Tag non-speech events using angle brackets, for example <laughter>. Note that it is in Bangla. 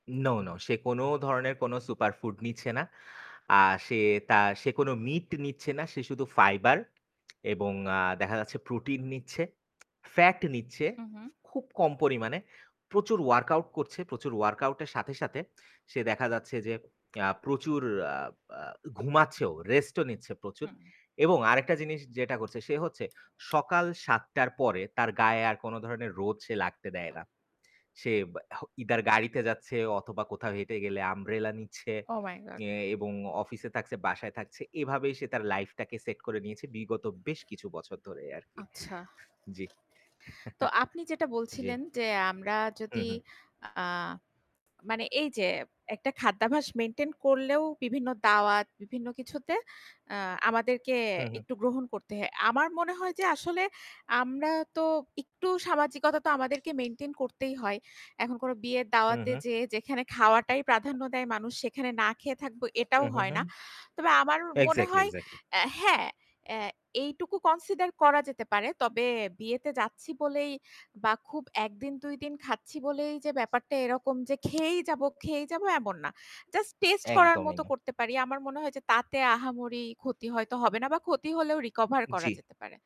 নো, নো, সে কোনো ধরনের কোনো সুপার ফুড নিচ্ছে না। আ সে তা সে কোনো মিট নিচ্ছে না। সে শুধু ফাইবার এবং আ দেখা যাচ্ছে প্রোটিন নিচ্ছে ফ্যাট নিচ্ছে। হু, হু। খুব কম পরিমাণে। প্রচুর ওয়ার্কআউট করছে। প্রচুর ওয়ার্কআউট এর সাথে, সাথে সে দেখা যাচ্ছে যে আ প্রচুর আ আ ঘুমাচ্ছেও, রেস্টও নিচ্ছে প্রচুর। হু। এবং আরেকটা জিনিস যেটা করছে সে হচ্ছে সকাল ৭ঃ০০ র পরে তার গায়ে আর কোনো ধরণের রোদ লাগতে দেয় না। সে হ ইদার গাড়িতে যাচ্ছে অথবা কোথাও হেঁটে গেলে আমব্রেলা নিচ্ছে ওহ মাই গড! এ এবং অফিসে থাকছে বাসায় থাকছে এভাবেই সে তার লাইফটাকে সেট করে নিয়েছে বিগত বেশ কিছু বছর ধরেই আরকি। আচ্ছা। জ্বি। <chuckles> তো আপনি যেটা জ্বি। বলছিলেন যে আমরা হু, যদি হু। আ মানে এই যে একটা খাদ্যাভ্যাস মেইনটেইন করলেও বিভিন্ন দাওয়াত, বিভিন্ন কিছুতে আ আমাদেরকে হু, হু। একটু গ্রহণ করতে হে আমার মনে হয় যে আসলে আমরা তো একটু সামাজিকতা তো আমাদেরকে মেইনটেইন করতেই হয়। এখন কোনো বিয়ের হু, দাওয়াতে হু। যেয়ে যেখানে খাওয়াটাই প্রাধান্য দেয় মানুষ সেখানে না খেয়ে থাকবো হু, এটাও হু, হয় না। হু। তবে আমার মনে এক্সাক্টলি, হয় এক্সাক্টলি। এ হ্যাঁ, অ্যা এইটুকু কনসিডার করা যেতে পারে। তবে বিয়েতে যাচ্ছি বলেই বা খুব ১ দিন ২ দিন খাচ্ছি বলেই যে ব্যাপারটা এরকম যে খেয়েই যাবো, খেয়েই যাবো এমন না। জাস্ট টেস্ট করার একদমই মতো না। করতে পারি। আমার মনে হয় যে তাতে আহামরি ক্ষতি হয়তো হবে না বা ক্ষতি হলেও রিকভার করা জ্বি। যেতে পারে।